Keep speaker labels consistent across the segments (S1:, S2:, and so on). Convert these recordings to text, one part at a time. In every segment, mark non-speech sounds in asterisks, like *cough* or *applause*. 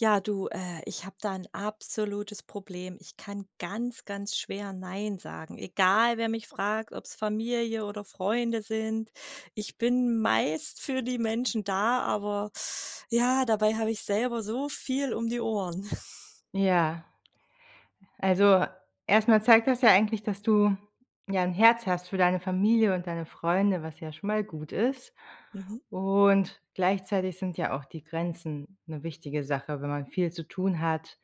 S1: Ja, du, äh, ich habe da 'n absolutes Problem. Ich kann ganz, ganz schwer nein sagen. Egal wer mich fragt, ob's Familie oder Freunde sind. Ich bin meist für die Menschen da, aber ja, dabei habe ich selber so viel um die Ohren. *chuckles*
S2: Ja. Also erst mal zeigt das ja eigentlich, dass du, ja, 'n Herz hast für deine Familie und deine Freunde, was ja schon mal gut ist.
S1: Mhm.
S2: Und gleichzeitig sind ja auch die Grenzen 'ne wichtige Sache, wenn man viel zu tun hat.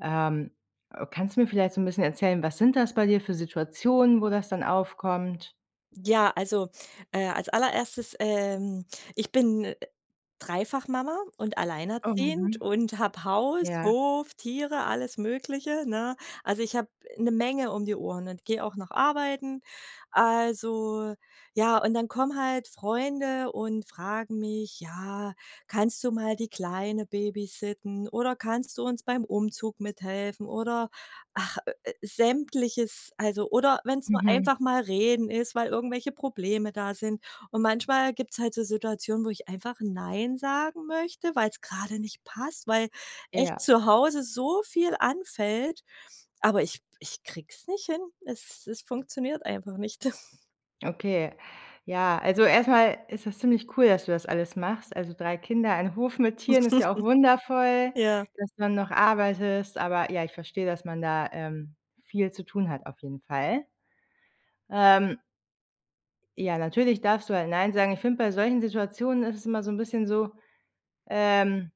S2: Ähm, ö kannst du mir vielleicht so 'n bisschen erzählen: Was sind das bei dir für Situationen, wo das dann aufkommt?
S1: Ja, also, äh, als allererstes, ähm, ich bin dreifach Mama und
S2: Oh,
S1: alleinerziehend
S2: mhm.
S1: und habe Haus,
S2: Ja.
S1: Hof, Tiere, alles Mögliche, ne? Also ich habe 'ne Menge um die Ohren und geh auch noch arbeiten. Also, ja, und dann kommen halt Freunde und fragen mich: „Ja, kannst du mal die Kleine Babysitten“ oder „kannst du uns beim Umzug mithelfen“ oder ach, ö äh, Sämtliches, also oder wenn's nur
S2: Mhm.
S1: einfach mal reden ist, weil irgendwelche Probleme da sind. Und manchmal gibt's halt so Situationen, wo ich einfach nein sagen möchte, weil's grade nicht passt. Weil echt
S2: Ja.
S1: zu Hause so viel anfällt, aber ich ich krieg's nicht hin. Es es funktioniert einfach nicht. *chuckles*
S2: Okay, ja, also erst mal ist das ziemlich cool, dass du das alles machst. Also 3 Kinder ein Hof mit Tieren ist ja auch
S1: *chuckles*
S2: wundervoll.
S1: Ja.
S2: Dass du dann noch arbeitest aber, ja, ich verstehe, dass man da, ähm, viel zu tun hat auf jeden Fall. Ähm ja, natürlich darfst du da nein sagen. Ich finde, bei solchen Situationen ist es immer so 'n bisschen so, ähm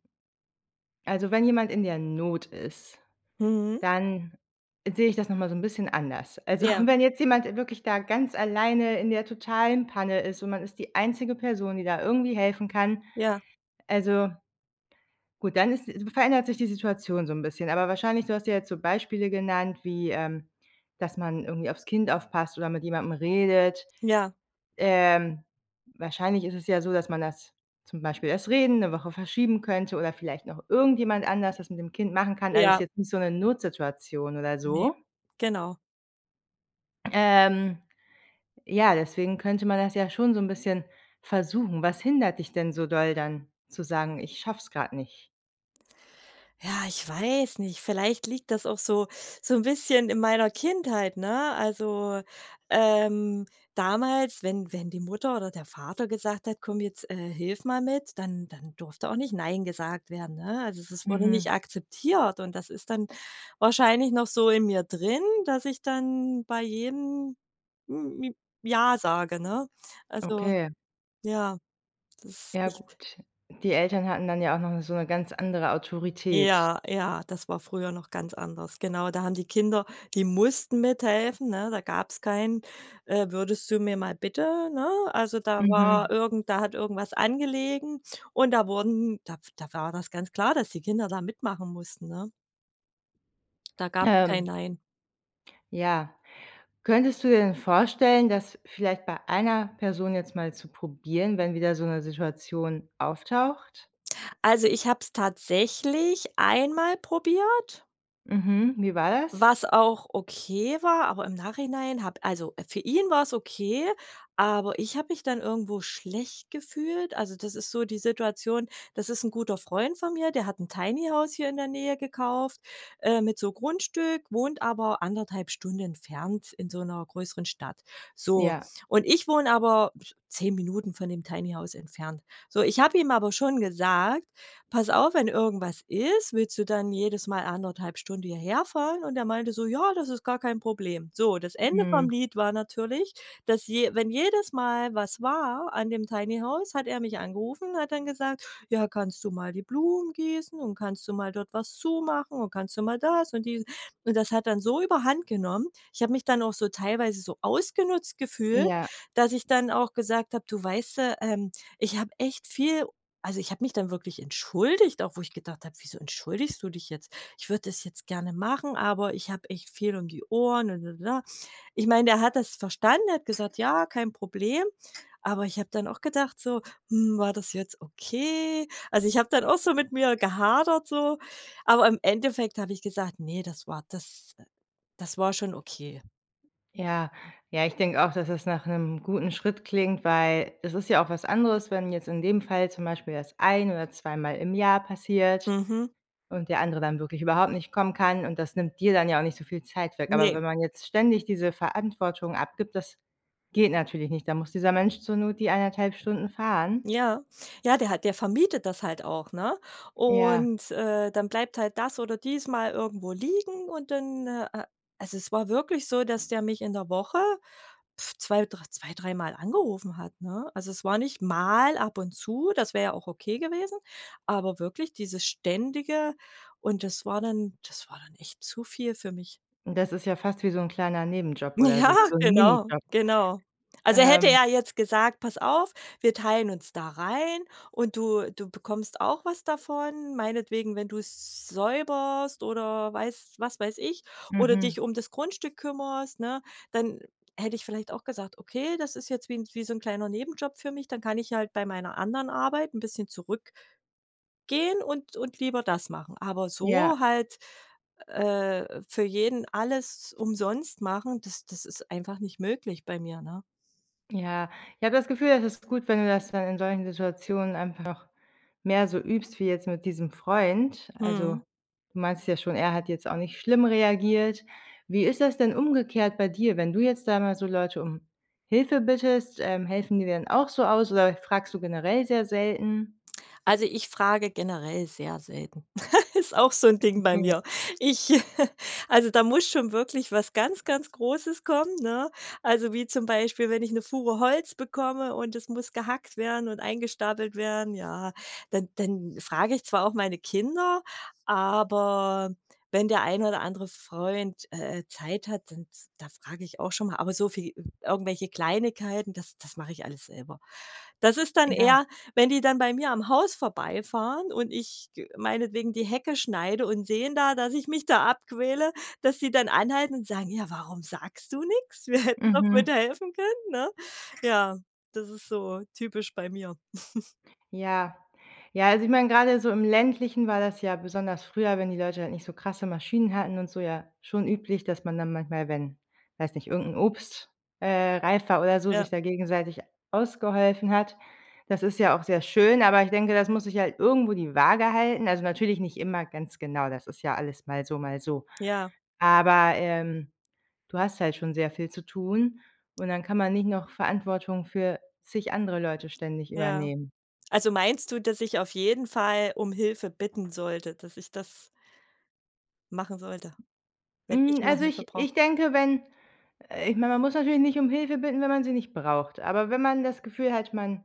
S2: also wenn jemand in der Not ist,
S1: Mhm.
S2: dann sehe ich das noch mal so 'n bisschen anders. Also *chuckles*
S1: Ja.
S2: und wenn jetzt jemand, äh, wirklich da ganz alleine in der totalen Panne ist und man ist die einzige Person, die da irgendwie helfen kann,
S1: Ja.
S2: also gut, dann ist verändert sich die Situation so 'n bisschen. Aber wahrscheinlich du hast ja jetzt so Beispiele genannt, wie, ähm, dass man irgendwie aufs Kind aufpasst oder mit jemandem redet.
S1: Ja.
S2: Ähm, wahrscheinlich ist es ja so, dass man das zum Beispiel das Reden, 'ne Woche verschieben könnte oder vielleicht noch irgendjemand anders das mit dem Kind machen kann. Also ist
S1: Ja.
S2: jetzt nicht so 'ne Notsituation oder
S1: Ne.
S2: so.
S1: Genau.
S2: Ähm, ja, deswegen könnte man das ja schon so 'n bisschen versuchen. Was hindert dich denn so doll dann zu sagen: „Ich schaff's grad nicht?“
S1: Ja, ich weiß nicht, vielleicht liegt das auch so so 'n bisschen in meiner Kindheit, ne? Also, ähm, damals, wenn wenn die Mutter oder der Vater gesagt hat: „Komm, jetzt, äh, hilf mal mit“, dann dann durfte auch nicht nein gesagt werden, ne? Also es es wurde
S2: Mhm.
S1: nicht akzeptiert und das ist dann wahrscheinlich noch so in mir drin, dass ich dann bei jeden m j ja sage, ne? Also,
S2: Okay.
S1: ja, das ist
S2: Ja
S1: echt
S2: gut, die Eltern hatten dann ja auch noch 'ne so 'ne ganz andere Autorität.
S1: Ja, ja, das war früher noch ganz anders. Genau, da haben die Kinder die mussten mithelfen, ne, da gab's kein: Äh, „würdest du mir mal bitte“, ne? Also da
S2: Mhm.
S1: war irgend da hat irgendwas angelegen und da wurden da da war das ganz klar, dass die Kinder da mitmachen mussten, ne? Da gab's kein
S2: Ähm.
S1: Nein.
S2: Ja. Könntest du dir denn vorstellen, dass vielleicht bei einer Person jetzt mal zu probieren, wenn wieder so 'ne Situation auftaucht?
S1: Also, ich habe es tatsächlich einmal probiert
S2: Mhm, und wie war das?
S1: was auch okay war, aber im Nachhinein habe also für ihn war's okay, aber ich habe mich dann irgendwo schlecht gefühlt. Also, das ist so die Situation: Das ist 'n guter Freund von mir, der hat 'n Tiny-House hier in der Nähe gekauft, äh, mit so Grundstück, wohnt aber 1 1/2 Stunde entfernt in so 'ner größeren Stadt. So
S2: Ja.
S1: und ich wohne aber 10 Minuten von dem Tiny House entfernt. So, ich habe ihm aber schon gesagt: „Pass auf, wenn irgendwas ist, willst du dann jedes Mal 1 1/2 Stunde hierherfahren und er meinte so: „Ja, das ist gar kein Problem.“ So, das Ende vom
S2: Mhm.
S1: Lied war natürlich, dass je wenn jedes Mal was war an dem Tiny House, hat er mich angerufen, hat dann gesagt: „Ja, kannst du mal die Blumen gießen und kannst du mal dort was zumachen und kannst du mal das“ und die und das hat dann so überhand genommen. Ich habe mich dann auch so teilweise so ausgenutzt gefühlt,
S2: Ja.
S1: dass ich dann auch gesagt habe: „Du weißt du, ähm, ich habe echt viel u“ also ich habe mich dann wirklich entschuldigt, auch wo ich gedacht habe: „Wieso entschuldigst du dich jetzt?“ Ich würde das jetzt gerne machen, aber ich habe echt viel um die Ohren. Ich meine, er hat das verstanden, er hat gesagt: „Ja, kein Problem.“ Aber ich habe dann auch gedacht so: „Hm, war das jetzt okay?“ Also ich habe dann auch so mit mir gehadert so, aber im Endeffekt habe ich gesagt: „Ne, das war das das war schon okay.“
S2: Ja. Ja, ich denke auch, dass es nach 'nem guten Schritt klingt, weil es ist ja auch was anderes, wenn jetzt in dem Fall zum Beispiel das ein oder zweimal im Jahr passiert
S1: Mhm.
S2: und der andere dann wirklich überhaupt nicht kommen kann und das nimmt dir dann ja auch nicht so viel Zeit weg. Aber
S1: Ne.
S2: wenn man jetzt ständig diese Verantwortung abgibt, das geht natürlich nicht. Da muss dieser Mensch zur Not die 1 1/2 Stunden fahren.
S1: Ja. Ja, der hat der vermietet das halt auch, ne?
S2: Ja.
S1: Und äh, dann bleibt halt das oder dies mal irgendwo liegen und dann, ah, äh also es war wirklich so, dass der mich in der Woche 2, dr zwei, dreimal angerufen hat, ne? Also es war nicht mal ab und zu, das wär ja auch okay gewesen, aber wirklich dieses Ständige und das war dann das war dann echt zu viel für mich.
S2: Und das ist ja fast wie so 'n kleiner Nebenjob oder
S1: Ja,
S2: so wie so 'n
S1: genau,
S2: Minijob.
S1: genau. Also hätte
S2: Ähm.
S1: er jetzt gesagt, pass auf, wir teilen uns da rein und du du bekommst auch was davon, meinetwegen, wenn du's säuberst oder weiß was weiß ich oder
S2: Mhm.
S1: dich um das Grundstück kümmerst, ne, dann hätte ich vielleicht auch gesagt: „Okay, das ist jetzt wie 'n wie so 'n kleiner Nebenjob für mich, dann kann ich halt bei meiner anderen Arbeit 'n bisschen zurück“ „gehen und und lieber das machen.“ Aber so
S2: Ja.
S1: halt äh, für jeden alles umsonst machen, das das ist einfach nicht möglich bei mir, ne?
S2: Ja. Ich habe das Gefühl, es ist gut, wenn du das dann in solchen Situationen einfach mehr so übst wie jetzt mit diesem Freund. Also,
S1: Mhm.
S2: du meinst ja schon, er hat jetzt auch nicht schlimm reagiert. Wie ist das denn umgekehrt bei dir, wenn du jetzt da mal so Leute um Hilfe bittest? Ähm, helfen die dann auch so aus oder fragst du generell sehr selten?
S1: Also, ich frage generell sehr selten. *laughs* Ist auch so 'n Ding bei
S2: Okay.
S1: mir. Ich *giggles* also da muss schon wirklich was ganz ganz Großes kommen, ne? Also wie zum Beispiel, wenn ich 'ne Fuhre Holz bekomme und es muss gehackt werden und eingestapelt werden, ja, dann dann frag ich zwar auch meine Kinder, aber wenn der ein oder andere f Freund, äh Zeit hat, dann da frage ich auch schon mal aber so für die irgendwelche Kleinigkeiten, das das mache ich alles selber. Das ist dann
S2: Ja.
S1: eher wenn die dann bei mir am Haus vorbeifahren und ich g meinetwegen die Hecke schneide und sehen da, dass ich mich da abquäle, dass die dann anhalten und sagen: „Ja, warum sagst du nix? Wir hätten doch
S2: Mhm.
S1: bitte helfen können“, ne? Ja, das ist so typisch bei mir. *giggles*
S2: Ja. Ja, also ich mein, grade so im Ländlichen war das ja besonders früher, wenn die Leute halt nicht so krasse Maschinen hatten und so ja, schon üblich, dass man dann manchmal, wenn- weiß nicht- irgend 'n Obst, äh, reifer oder so, sich
S1: Ja.
S2: da gegenseitig ausgeholfen hat. Das ist ja auch sehr schön, aber ich denke, das muss sich halt irgendwo die Waage halten. Also natürlich nicht immer ganz genau, das ist ja alles mal so, mal so.
S1: Ja.
S2: Aber, ähm, du hast halt schon sehr viel zu tun und dann kann man nicht noch Verantwortung für zig andere Leute ständig
S1: Ja.
S2: übernehmen.
S1: Also meinst du, dass ich auf jeden Fall um Hilfe bitten sollte, dass ich das machen sollte wenn ich
S2: Hm,
S1: mal
S2: also
S1: Hilfe
S2: ich
S1: brauche?
S2: ich denke, wenn äh, ich mein, man muss natürlich nicht um Hilfe bitten, wenn man sie nicht braucht. Aber wenn man das Gefühl hat, man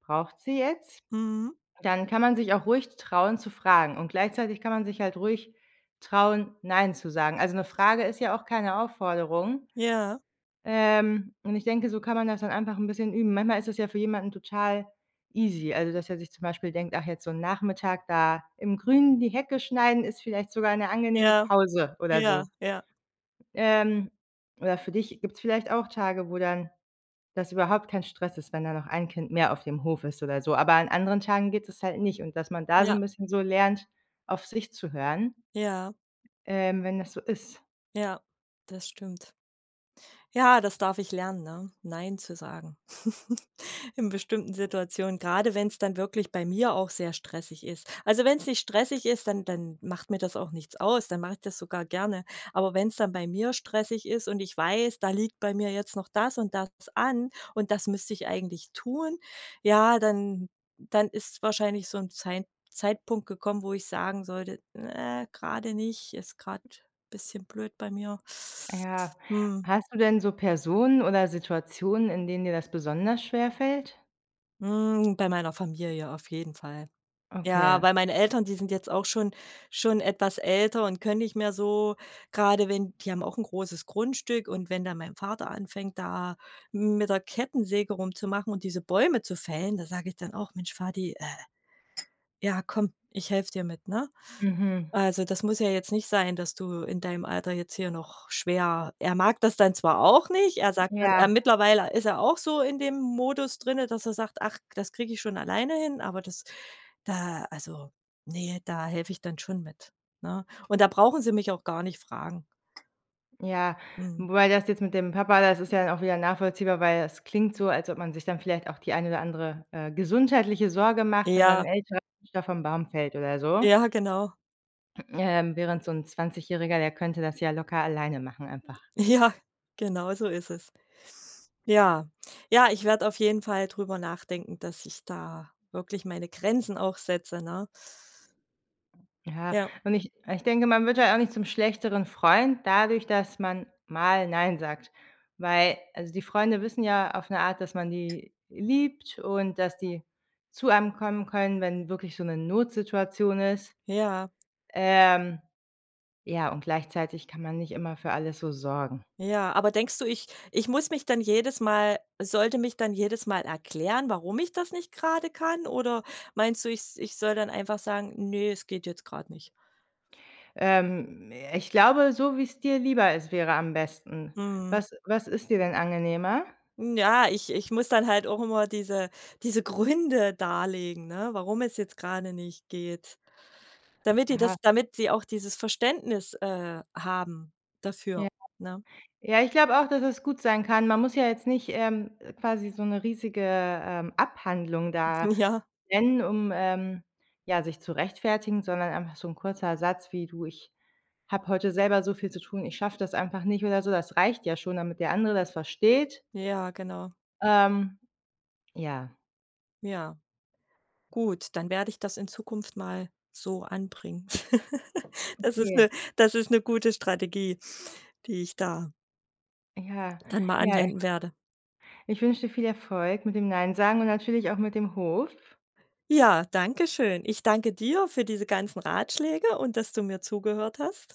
S2: braucht sie jetzt,
S1: Mhm.
S2: dann kann man sich auch ruhig trauen zu fragen. Und gleichzeitig kann man sich halt ruhig trauen, nein zu sagen. Also 'ne Frage ist ja auch keine Aufforderung.
S1: Ja.
S2: Ähm, und ich denke, so kann man das dann einfach 'n bisschen üben. Manchmal ist das ja für jemanden total easy also dass er sich zum Beispiel denkt: „Ach jetzt so 'n Nachmittag da im Grünen die Hecke schneiden, ist vielleicht sogar 'ne angenehme
S1: Ja,
S2: Pause." Oder
S1: ja,
S2: so.
S1: ja.
S2: Ähm, oder für dich gibt's vielleicht auch Tage, wo dann das überhaupt kein Stress ist, wenn da noch ein Kind mehr auf dem Hof ist oder so. Aber an anderen Tagen geht das halt nicht und dass man da so
S1: Ja.
S2: 'n bisschen so lernt, auf sich zu hören
S1: Ja.
S2: ähm, wenn das so ist.
S1: Ja, das stimmt. Ja, das darf ich lernen, ne? Nein zu sagen *giggles* in bestimmten Situationen, gerade wenn's dann wirklich bei mir auch sehr stressig ist. Also wenn's nicht stressig ist, dann dann macht mir das auch nichts aus, dann mach ich das sogar gerne. Aber wenn's dann bei mir stressig ist und ich weiß: „Da liegt bei mir jetzt noch das und das an und das müsste ich eigentlich tun“, ja, dann dann ist wahrscheinlich so 'n Zeit Zeitpunkt gekommen, wo ich sagen sollte: „Ne gerade nicht, ist grad bisschen blöd bei mir.“
S2: Ja.
S1: Mhm.
S2: Hast du denn so Personen oder Situationen, in denen dir das besonders schwerfällt?
S1: Hm, bei meiner Familie auf jeden Fall. Ja,
S2: Okay.
S1: bei meinen Eltern die sind jetzt auch schon schon etwas älter und können nicht mehr so, grade wenn die haben auch 'n großes Grundstück und wenn dann mein Vater anfängt, da m mit der Kettensäge rumzumachen und diese Bäume zu fällen, da sage ich dann auch: „Mensch, Vati, äh, ja, komm, ich helfe dir mit, ne?
S2: Mhm.
S1: Also, das muss ja jetzt nicht sein, dass du in deinem Alter jetzt hier noch schwer“ er mag das dann zwar auch nicht, er sagt,
S2: Ja.
S1: er mittlerweile ist er auch so in dem Modus drinnen, dass er sagt: „Ach, das kriege ich schon alleine hin“, aber das da also ne, da helfe ich dann schon mit, ne? Und da brauchen sie mich auch gar nicht fragen.
S2: Ja,
S1: Mhm.
S2: wobei das jetzt mit dem Papa, das ist ja auch wieder nachvollziehbar, weil das klingt so, als ob man sich dann vielleicht auch die eine oder andere, äh, gesundheitliche Sorge macht, wenn dann 'n
S1: Ja.
S2: Älter *unintelligible* vom Baum fällt oder so
S1: Ja, genau.
S2: ähm, während so 'n 20- Jähriger, der könnte das ja locker alleine machen einfach.
S1: Ja, genau so ist es. Ja, ja, ich werde auf jeden Fall drüber nachdenken, dass ich da wirklich meine Grenzen auch setze, ne?
S2: Ja,
S1: Ja.
S2: und ich und ich denke, man wird halt auch nicht zum schlechteren Freund dadurch, dass man mal „nein“ sagt, weil also die Freunde wissen ja auf 'ne Art, dass man die liebt und dass die zu einem kommen können, wenn wirklich so 'ne Notsituation ist.
S1: Ja.
S2: Ähm, ja, und gleichzeitig kann man nicht immer für alles so sorgen.
S1: Ja, aber denkst du, ich ich muss mich dann jedes Mal sollte mich dann jedes Mal erklären, warum ich das nicht grade kann? Oder meinst du, ich s ich soll dann einfach sagen: „Ne, es geht jetzt grad nicht?“
S2: Ähm, ich glaube, so wie's dir lieber ist, wäre am besten.
S1: Mhm.
S2: Was was ist dir denn angenehmer?
S1: Ja, ich ich muss dann halt auch immer diese diese Gründe darlegen, ne, warum es jetzt gerade nicht geht, damit die das
S2: Aha.
S1: damit sie auch dieses Verständnis, äh, haben dafür,
S2: Ja.
S1: ne?
S2: Ja, ich glaube auch, dass es gut sein kann. Man muss ja jetzt nicht, ähm, quasi so 'ne riesige, ähm, Abhandlung da
S1: Ja.
S2: nennen, um, ähm, ja, sich zu rechtfertigen, sondern einfach so 'n kurzer Satz wie: „Du, ich habe heute selber so viel zu tun, ich schaffe das einfach nicht“ oder so. Das reicht ja schon, damit der andere das versteht.
S1: Ja, genau.
S2: Ähm, ja.
S1: Ja. Gut, dann werde ich das in Zukunft mal so anbringen. *laughs* Das ist
S2: Okay.
S1: 'ne das ist 'ne gute Strategie, die ich da
S2: Ja.
S1: dann mal
S2: Ja, äh
S1: anwenden werde.
S2: Ich wünsche dir viel Erfolg mit dem „nein“ sagen und natürlich auch mit dem Hof.
S1: Ja, danke schön. Ich danke dir für diese ganzen Ratschläge und dass du mir zugehört hast.